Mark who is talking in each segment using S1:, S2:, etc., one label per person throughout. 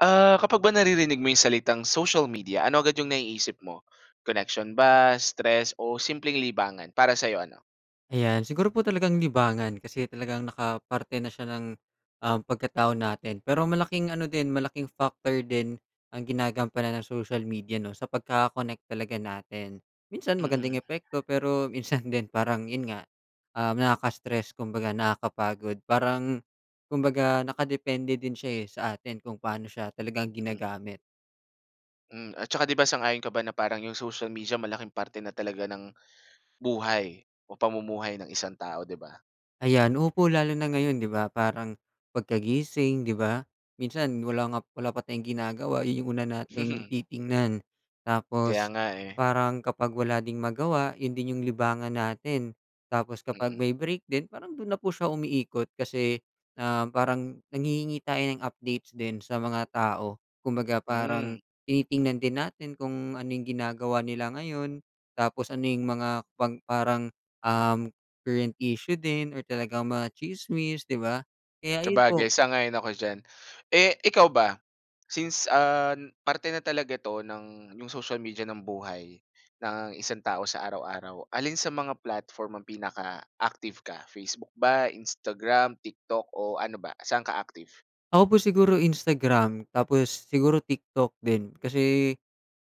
S1: Ah, kapag ba naririnig mo yung salitang social media ano agad yung naiisip mo, connection ba, stress o simpleng libangan? Para sayo, ano?
S2: Ayan, siguro po talagang libangan kasi talagang nakaparte na siya ng, um, pagkatao natin pero malaking ano din malaking factor din ang ginagampanan ng social media 'no sa pagkaka-connect talaga natin, minsan magandang
S1: Mm.
S2: epekto pero minsan din parang yun nga, um, nakaka-stress kumbaga nakakapagod parang kumbaga nakadepende din siya, eh, sa atin kung paano siya talagang
S1: Mm.
S2: ginagamit.
S1: Hmm, at saka 'di ba sang-ayon ka ba na parang yung social media malaking parte na talaga ng buhay o pamumuhay ng isang tao 'di ba?
S2: Ayan, opo, lalo na ngayon 'di ba parang pagkagising, 'di ba minsan wala nga wala pa tayong ginagawa yung una nating titingnan
S1: Kaya
S2: tapos,
S1: nga, eh.
S2: parang kapag wala ding magawa 'yon din yung libangan natin, tapos kapag
S1: Mm.
S2: may break din parang do'n na po siya umiikot kasi, um, parang nanghihingi tayo ng updates din sa mga tao kumbaga
S1: Hmm.
S2: parang tinitingnan din natin kung ano yung ginagawa nila ngayon, tapos ano yung mga pang parang, uhm, current issue din or talagang mga tsismis 'di ba kaya ayon po.
S1: Sabagay sang-ayon ako diyan. Eh, ikaw ba since, ah, n parte na talaga 'to ng yung social media ng buhay ng isang tao sa araw-araw, alin sa mga platform ang pinaka-active ka Facebook ba, Instagram, TikTok o ano ba? Saan ka active?
S2: Ako po siguro Instagram tapos siguro TikTok din, kasi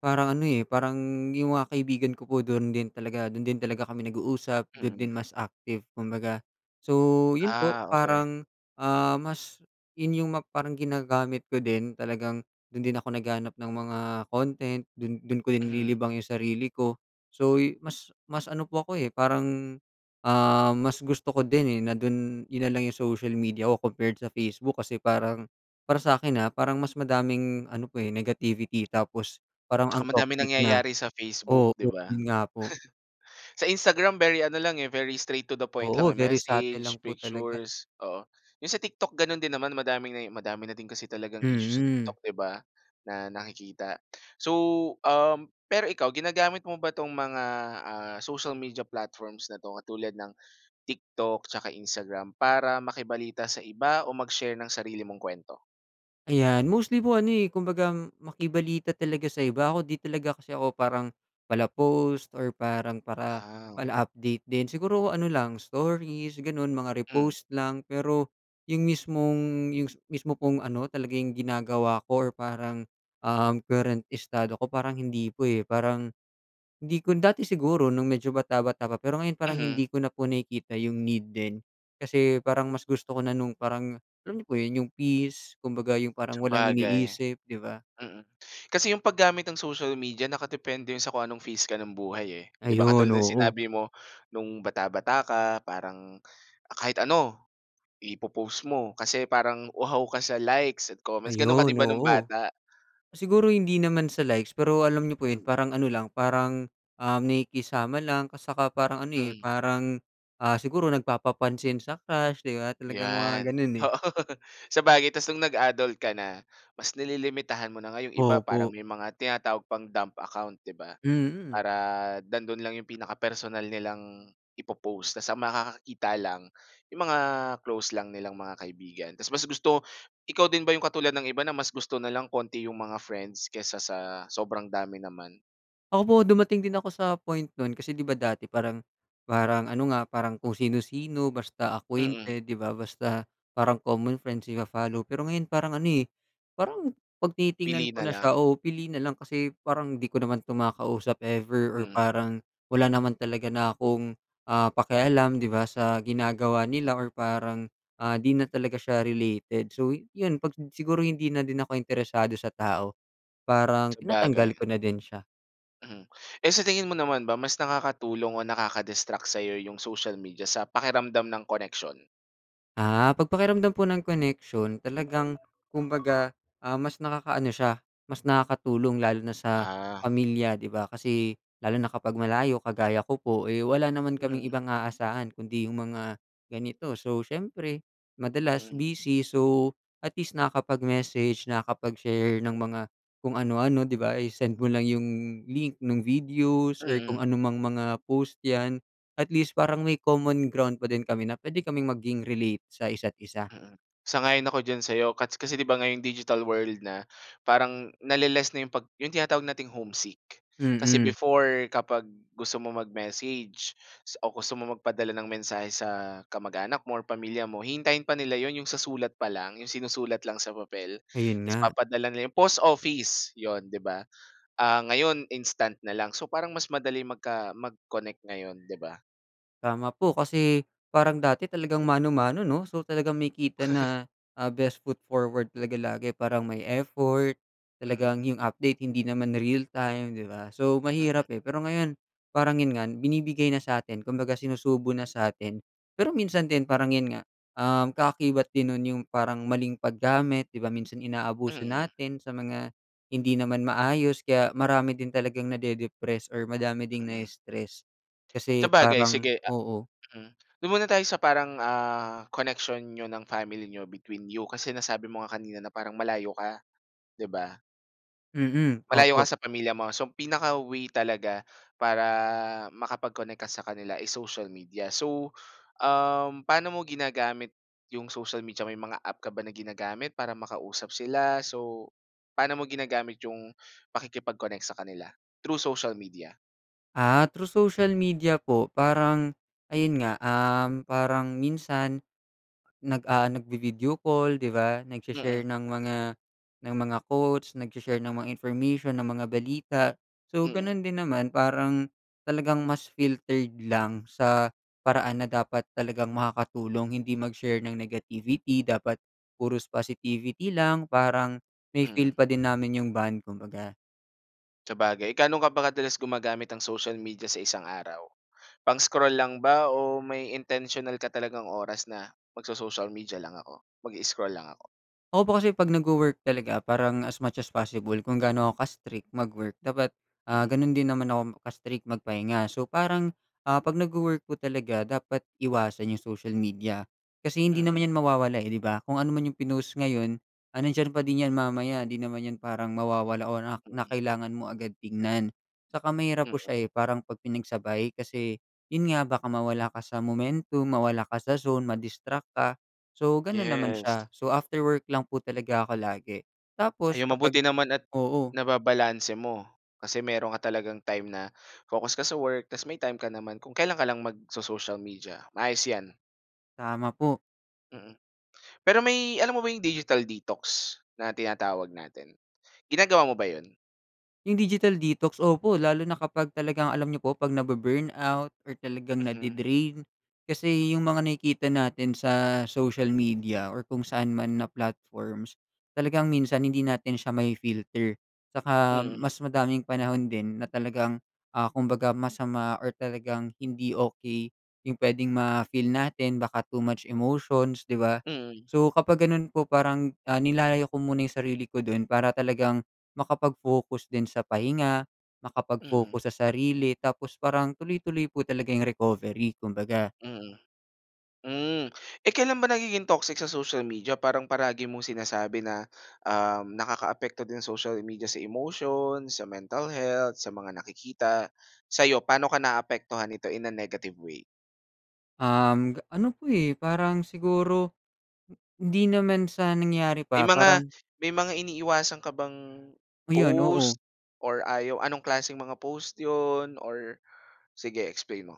S2: parang ano, eh, parang yung mga kaibigan ko po dun din talaga dun din talaga kami nag-uusap, dun din
S1: Mhm.
S2: mas active kumbaga so, yun po
S1: Ah, okey.
S2: parang, ah, mas yun yung ma parang ginagamit ko din talagang dun din ako naghahanap ng mga content, dun dun ko
S1: Mhm.
S2: nililibang yung sarili ko so yu mas mas ano po ako, eh, parang, ah, mas gusto ko din, eh, na dun yun nalang yung social media ko compared sa Facebook kasi parang, para sakin, ah, parang mas madaming ano po, eh, negativity tapos parang ang
S1: 'Tsaka madami
S2: toxic na.
S1: nangyayari sa
S2: Oo
S1: Facebook 'di ba?
S2: yun nga po.
S1: Sa Instagram very ano lang, eh, very straight to the point lang,
S2: Oo,
S1: eh,
S2: very subtle lang
S1: message,
S2: po talaga.
S1: pictures, oo. Yung sa TikTok ganun din naman madami na madami na din kasi talagang issue sa
S2: Mm.
S1: TikTok 'di ba, na nakikita so, um pero ikaw ginagamit mo ba 'tong mga, ah, social media platforms na 'to katulad ng TikTok 'tsaka Instagram para makibalita sa iba o mag-share ng sarili mong k'wento?
S2: Ayan, mostly po, ano, eh, kumbagang makibalita talaga sa iba. Ako, 'di talaga kasi ako parang pala-post or parang para
S1: Aw.
S2: pala update din. Siguro ano lang, stories, gano'n, mga
S1: Hmm.
S2: repost lang. Pero 'yung mismong yung s mismo pong ano, talaga 'yung ginagawa ko or parang, um, current estado ko, parang hindi po, eh. Parang hindi ko dati siguro nung medyo bata-bata pa, pero ngayon parang
S1: Mhm.
S2: hindi ko na po nakikita 'yung need din. Kasi parang mas gusto ko na nung parang, alam niyo po 'yon, 'yung peace, kumbaga 'yung parang walang
S1: Sabagay.
S2: iniisip, 'di ba?
S1: Mm. Kasi 'yong paggamit ng social media, nakadepende 'yon sa kung anong phase ka ng buhay, eh. 'Di ba,
S2: Ayon,
S1: katulad ng
S2: oo.
S1: sinabi mo, no'ng bata-bata ka, parang, ah, kahit ano, ipo-post mo kasi parang uhaw ka sa likes at comments. Gano'n ka din
S2: Ayon,
S1: ba no'ng
S2: oo.
S1: bata?
S2: Siguro hindi naman sa likes, pero alam niyo po 'yon,
S1: Hmm.
S2: parang ano lang, parang, um, nakikisama lang at saka parang ano, eh,
S1: Mm.
S2: parang, ah, siguro nagpapapansin sa crush, 'di ba? Talagang
S1: 'Yan,
S2: mga gano'n, eh.
S1: oo. Sabagay, ta's no'ng nag-adult ka na, mas nililimitahan mo na, nga 'yong iba, parang
S2: Opo.
S1: may mga tinatawag pang "dump account," 'di ba?
S2: Mm.
S1: Para nandoon lang 'yong pinaka-personal nilang ipo-post. Ta's ang makakakita lang, 'yong mga close lang nilang mga kaibigan. Ta's mas gusto ikaw din ba 'yong katulad ng iba na mas gusto na lang kaunti 'yong mga friends kaysa sa sobrang dami naman?
S2: Opo, dumating din ako sa point no'n kasi, 'di ba, dati parang parang ano nga, parang kung sino-sino, basta
S1: Mm.
S2: acquainted, 'di ba, basta, parang common friends, ipa-follow. Pero ngayon, parang ano, eh, parang 'pag tinitingnan
S1: Pili
S2: ko
S1: na
S2: na siya,
S1: lang.
S2: o pili na lang, kasi parang, 'di ko naman 'to makausap ever, or
S1: Mm.
S2: parang, wala naman talaga na akong, ah, pakialam, 'di ba, sa ginagawa
S1: Mm.
S2: nila or parang, ah, 'di na talaga siya related. So, iyon 'pag sin siguro hindi na din ako interesado sa tao, parang, tinatanggal
S1: Sabagay.
S2: ko na din siya.
S1: Hmm. Eh, sa tingin mo naman ba, mas nakakatulong o nakaka-distract sa'yo yung social media, sa pakiramdam ng koneksyon?
S2: Ah, 'pag pakiramdam po ng koneksyon, talagang kumbaga, ah, mas nakakaano siya, mas nakakatulong, lalo na sa
S1: Ah.
S2: pamilya, 'di ba? Kasi, lalo na kapag malayo, kagaya ko po, eh, wala naman kaming
S1: Mm.
S2: ibang aasahan kundi yung mga ganito. So, siyempre, madalas
S1: Mm.
S2: busy, so, at least nakakapag-message, nakakapag-share ng mga kung ano-ano, 'di ba, isi-send mo lang yung link, nung videos or kung
S1: Mm.
S2: anumang mga post yan, at least parang may common ground pa din kami na puwede kaming maging relate sa isa't-isa.
S1: Mm, sang-ayon ako diyan sa'yo, kats kasi, 'di ba, ngayong digital world na, parang nale-less na 'yong pag 'yong tinatawag nating homesick. Kasi
S2: Mm.
S1: before, kapag gusto mo mag-message, sa o gusto mo magpadala ng mensahe sa kamag-anak mo or pamilya mo, hihintayin pa nila 'yon, 'yong sa sulat pa lang, 'yong sinusulat lang sa papel.
S2: Ayun
S1: Ta's
S2: nga.
S1: papadala nila 'yun post office, 'yon, 'di ba, ah, ngayon instant na lang. So, parang mas madaling magka mag-connect ngayon, 'di ba?
S2: Tama po, kasi parang dati talagang mano-mano, 'no? So talagang makikita na, ah, best foot forward, talaga lagi. Parang may effort,
S1: Mm.
S2: talagang 'yung update, hindi naman real time, 'di ba? So
S1: Mm.
S2: mahirap, eh. Pero ngayon, parang 'yon nga, binibigay na sa 'tin, kumbaga sinusubo na sa 'tin. Pero minsan din, parang 'yon nga, um, kaakibat din no'n 'yung parang maling paggamit, 'di ba? Minsan inaabuso
S1: Mm.
S2: natin sa mga hindi naman maayos, kaya marami din talagang nade-depress or marami ding
S1: Mm.
S2: nai-stress kasi
S1: Sabagay,
S2: parang
S1: sige, ah
S2: oo.
S1: mm. Dun muna tayo sa parang, ah, connection niyo ng family niyo between you, kasi nasabi mo nga kanina na parang malayo ka, 'di ba?
S2: Mm,
S1: Malayo ka
S2: opo.
S1: sa pamilya mo, so ang pinaka-way talaga para makapag-connect ka sa kanila is social media. So, um, paano mo ginagamit 'yung social media, may mga app ka ba na ginagamit para makausap sila? So, paano mo ginagamit 'yung pakikipag-connect sa kanila through social media?
S2: Ah, through social media po, parang ayun nga, um, parang minsan nag, ah, nagvi-video call, 'di ba? Nagshi-share
S1: Mm.
S2: ng mga ng mga quotes, nagshi-share ng mga information, ng mga balita. So
S1: Mm.
S2: gano'n din naman, parang talagang mas filtered lang sa paraan na dapat talagang makakatulong. Hindi mag-share ng negativity, dapat puros positivity lang, parang
S1: Mm.
S2: mafi-feel pa din namin 'yung bond, kumbaga.
S1: Sabagay, gaano ka ba kadalas gumagamit ng social media sa isang araw? Pang-scroll lang ba o may intensiyonal ka talagang oras na, "Magso-social media lang ako, mag-i-scroll lang ako."
S2: Ako po kasi pag nagwo-work talaga parang as much as possible kung gaano ako ka strict mag-work, dapat, ah,
S1: Mm.
S2: gano'n din naman ako ka-strict magpahinga. So parang 'pag, ah, nagwo-work po talaga dapat iwasan 'yung social media kasi hindi
S1: Mm.
S2: naman 'yan mawawala, eh, 'di ba? Kung ano man 'yung pinost ngayon, ah, nandiyan pa din 'yan mamaya, hindi naman 'yan parang mawawala o na na
S1: Mm.
S2: kailangan mo agad tingnan. Saka mahirap po
S1: Mm.
S2: siya, eh, parang 'pag pinagsabay kasi, 'yun nga, baka mawala ka sa momentum, mawala ka sa zone ma-distract ka, so, gano'n naman
S1: Yes.
S2: siya. So, after work lang po talaga ako lagi. Tapos
S1: Ayun, mabuti
S2: kapag
S1: naman at
S2: oo.
S1: nababalanse mo. Kasi meron ka talagang time na focus ka sa work tapos may time ka naman kung kailan ka lang magso-social media, maayos 'yan.
S2: Tama po.
S1: Mm. Pero may alam mo ba 'yong digital detox na tinatawag natin, ginagawa mo ba 'yon?
S2: 'Yung digital detox, opo, lalo na kapag talagang alam niyo po 'pag nabu-burn out or talagang
S1: Mhm.
S2: nade-drain kasi 'yung mga nakikita natin sa social media or kung saan man na platforms, talagang minsan hindi natin siya mafi-filter. 'Tsaka
S1: Mm.
S2: mas madaming panahon din na talagang, ah, kumbaga masama or talagang hindi okey, 'yung puwedeng ma-feel natin baka too much emotions, 'di ba?
S1: Mm.
S2: So, kapag gano'n po parang, ah, nilalayo ko muna 'yung sarili ko do'n para talagang makapag-focus din sa pahinga,
S1: Mm.
S2: makapag-focus sa sarili, tapos parang tuloy-tuloy po talaga 'yung recovery, kumbaga.
S1: Mm, hmm. Eh, kailan ba nagiging toxic sa social media parang palagi mong sinasabi na, um, nakakaapekto din social media sa emotion, sa mental health, sa mga nakikita, sa'yo pa'no ka naaapektuhan nito in a negative way?
S2: Um, ano po, eh, parang siguro, hindi naman sa nangyayari
S1: May
S2: pa,
S1: mga
S2: parang
S1: may mga iniiwasan ka bang
S2: Ayun, oo.
S1: post or ayaw anong klaseng mga post 'yon or sige, explain mo?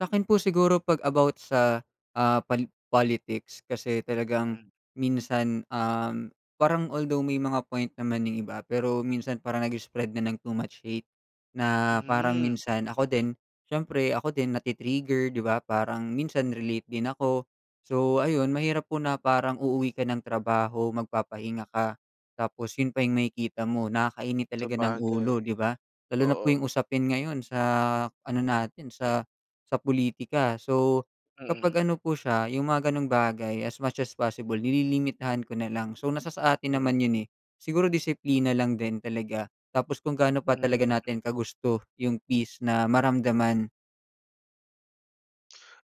S2: Sa'kin po siguro 'pag about sa, ah, pal politics kasi talagang
S1: Hmm.
S2: minsan, um, parang although may mga point naman yung iba, pero minsan parang nag-spread na ng too much hate. Na parang
S1: Mhm.
S2: minsan ako din, siyempre ako din, nati-trigger, di ba, parang minsan relate din ako. So ayun, mahirap po na parang uuwi ka ng trabaho, magpapahinga ka, tapos yun pa yung makikita mo. Nakakainit talaga ng
S1: Sabagay.
S2: ulo, di ba, lalo na po
S1: Oo.
S2: yung usapin ngayon sa ano natin sa sa pulitika. So
S1: Mm.
S2: kapag ano po siya, yung mga gano'ng bagay, as much as possible nililimitahan ko na lang. So nasa sa atin
S1: Mm.
S2: naman yun, eh. Siguro disiplina lang din talaga, tapos kung gaano pa talaga
S1: Hmm.
S2: natin kagusto yung peace na maramdaman.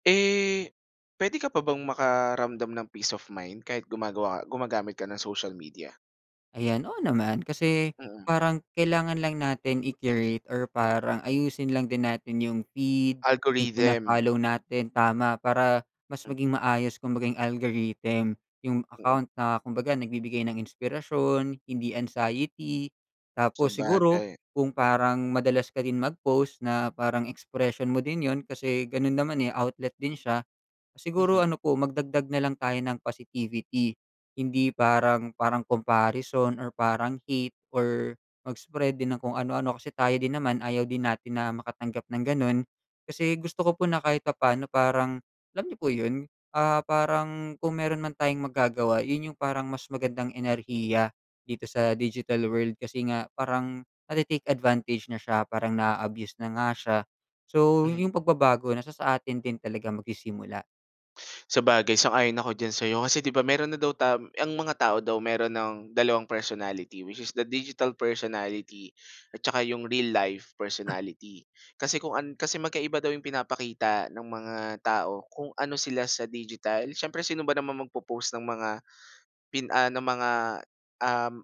S1: Eh, pwede ka pa bang makaramdam ng peace of mind kahit gumagawa gumagamit ka ng social media?
S2: Ayan, oo, naman, kasi
S1: Mm.
S2: parang kailangan lang natin i-curate or parang ayusin lang din natin yung feed, yung
S1: Algorithm
S2: pina-follow natin, tama, para mas maging maayos kung baga yung algorithm yung
S1: Mm.
S2: account na kumbaga nagbibigay ng inspirasyon, hindi anxiety. Tapos, siguro
S1: Sabagay.
S2: kung parang madalas ka din mag-post na parang expression mo din 'yun kasi ganun naman, eh, outlet din siya, siguro
S1: Mhm.
S2: ano po, magdagdag na lang tayo ng positivity. Hindi parang parang comparison or parang hate or mag-spread din ng kung ano-ano. Kasi tayo din naman, ayaw din natin na makatanggap ng ganun. Kasi gusto ko po na kahit papaano parang alam niyo po yun, ah, parang kung meron man tayong magagawa yun yung parang mas magandang enerhiya dito sa digital world kasi nga parang nati-take advantage na siya, parang naa-abuse na nga siya. So, yung
S1: Mhm.
S2: pagbabago na sa atin din talaga magsisimula.
S1: Sabagay, sang-ayon ako diyan sa'yo kasi 'di ba meron na daw tam ang mga tao daw meron ng 2 personality which is the digital personality at saka yung real life personality kasi kung an kasi magkaiba daw yung pinapakita ng mga tao kung ano sila sa digital. Siyempre sino ba naman magpo-post ng mga pin ah, ng mga, um,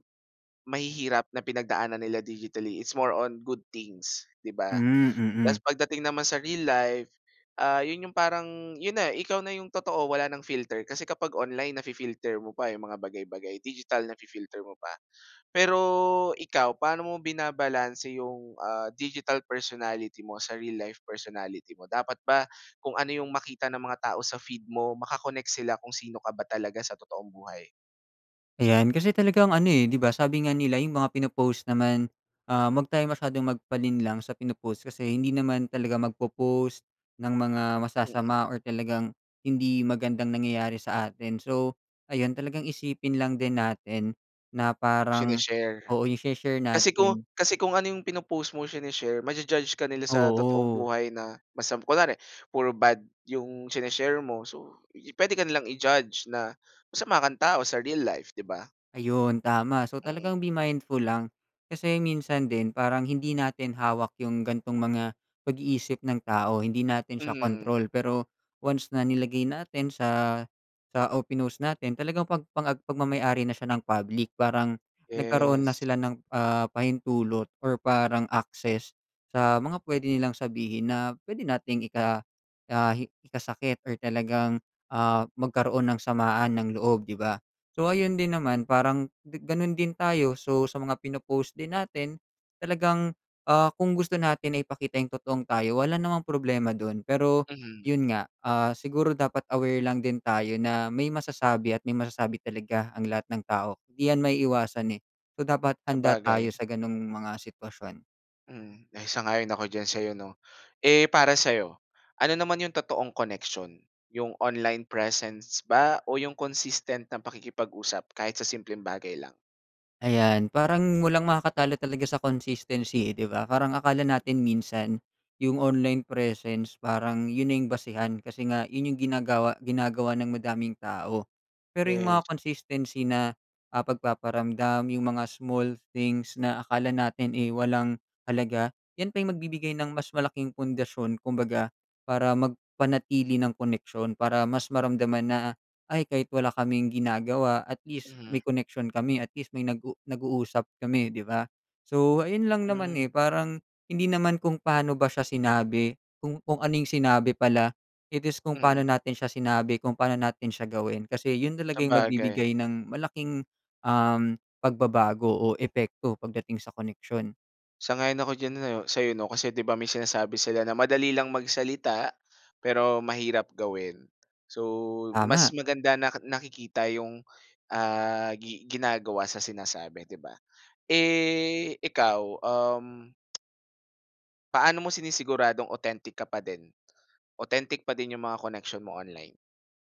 S1: mahihirap na pinagdaanan nila digitally, it's more on good things, di ba?
S2: Hmm,
S1: Tas
S2: mm.
S1: pagdating naman sa real life, ah, yun yung parang yun na ikaw na yung totoo wala nang filter, kasi kapag online nafi-filter mo pa, eh, yung mga bagay bagay, digital nafi-filter mo pa. Pero ikaw, paano mo binabalanse yung, ah, digital personality mo sa real life personality mo? Dapat ba kung ano yung makita ng mga tao sa feed mo maka-connect sila kung sino ka ba talaga sa totoong buhay?
S2: Ayan, kasi talagang ano, eh, 'di ba, sabi nga nila, yung mga pinopost naman, ah, huwag tayong masyadong magpalinlang sa pinopost kasi hindi naman talaga magpo-post ng mga
S1: Mm.
S2: masasama or talagang hindi magandang nangyayari sa atin. So, ayon talagang isipin lang din natin na parang
S1: Shini-share.
S2: oo, yung shini-share
S1: Kasi ku
S2: natin
S1: kasi kung ano yung pinopost mo, shini-share, maju-judge ka nila sa totoong
S2: Oo.
S1: buhay na masam kunwari puro bad yung shini-share mo, so i pwede ka nilang i-judge na, masama kang tao sa real life, 'di ba?
S2: Ayon, tama. So,
S1: Mm.
S2: talagang be mindful lang, kasi minsan din parang hindi natin hawak yung gantong mga pag-iisip ng tao, hindi natin siya
S1: Mhm.
S2: kontrol. Pero once na nilagay natin sa sa o pinost natin, talagang pag pang ag pagmamay-ari na siya ng public. Parang nagkaroon na
S1: Yes.
S2: sila ng, ah, pahintulot or parang access, sa mga pwede nilang sabihin na pwede nating ika ah, hi ikasakit or talagang, ah, magkaroon ng samaan ng loob, 'di ba? So, ayun din naman parang di gano'n din tayo, so sa mga pino-post din natin talagang, ah, kung gusto natin na ipakita yung totoong tayo, wala namang problema dun. Pero
S1: Mhm.
S2: yun nga, ah, siguro dapat aware lang din tayo na may masasabi at may masasabi talaga ang lahat ng tao, 'di yan maiiwasan, eh. So dapat handa tayo
S1: Sabagay.
S2: sa gano'ng mga sitwasyon.
S1: Mm, eh, sang-ayon ako diyan sa'yo 'no. Eh, para sa 'yo, ano naman 'yong totoong koneksiyon, 'yong online presence ba o 'yong consistent na pakikipag-usap kahit sa simpleng bagay lang?
S2: Ayan, parang walang makakatalo talaga sa consistency, eh 'di ba? Parang akala natin minsan 'yung online presence parang 'yun na 'yung basehan. Kasi nga 'yun, 'yung ginagawa ginagawa ng madaming tao. Pero 'yung
S1: Yeah.
S2: mga consistency na, ah, pagpaparamdam, 'yung mga small things na akala natin, eh, walang halaga. 'Yan pa 'yung magbibigay ng mas malaking pundasyon, kumbaga, para magpanatili ng koneksiyon, para mas maramdaman na, ay kahit wala kaming ginagawa at least
S1: Mhm.
S2: may koneksiyon kami, at least may nag-u nag-uusap kami 'di ba? So, ayun lang naman, eh,
S1: Hmm.
S2: parang, hindi naman kung paano ba siya sinabi, kung kung anong sinabi pala, it is kung pa'no
S1: Mm.
S2: natin siya sinabi, kung pa'no natin siya gawin. Kasi 'yun talaga 'yung
S1: Sabagay.
S2: magbibigay ng malaking, um, pagbabago o epekto pagdating sa koneksiyon.
S1: Sang-ayon ako diyan nayo sa 'yo 'no. Kasi 'di ba may sinasabi sila na madali lang magsalita, pero mahirap gawin. So, mas
S2: Tama.
S1: maganda na nakikita 'yong, ah, gi ginagawa sa sinasabi 'di ba. Eh, ikaw? Um paano mo sinisiguradong authentic ka pa din? Authentic pa din 'yong mga koneksiyon mo online.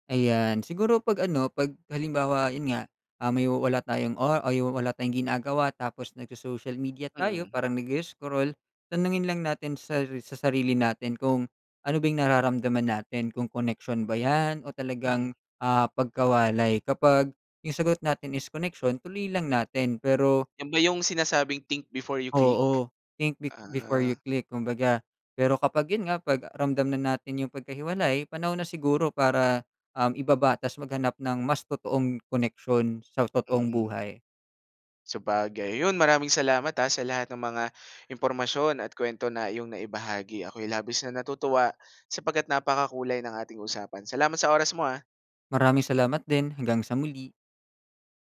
S2: Ayan, siguro 'pag ano, 'pag halimbawa 'yun nga, um, 'yun wala tayong o ay 'yung wala tayong ginagawa tapos nag-social media tayo
S1: Mm.
S2: parang nag-i-scroll, tanungin lang natin sa sa sarili natin, kung ano bang nararamdaman natin, kung koneksiyon ba 'yan o
S1: Mhm.
S2: talagang, ah, pagkawalay. Kapag 'yung sagot natin is koneksiyon, tuloy lang natin, pero
S1: 'Yon ba 'yong sinasabing, think before you click?
S2: Oo, think be before you
S1: Ah.
S2: click kumbaga, pero kapag 'yun nga, 'pag ramdam na natin 'yung pagkahiwalay, panahon na siguro para, um, ibaba ta's maghanap ng mas totoong koneksyon sa totoong
S1: Mm.
S2: buhay.
S1: Sabagay, 'yun maraming salamat, ah, sa lahat ng mga impormasyon at kuwento na iyong naibahagi, ako'y labis na natutuwa sapagkat napakakulay ng ating usapan. Salamat sa oras mo, ah.
S2: Maraming salamat din, hanggang sa muli.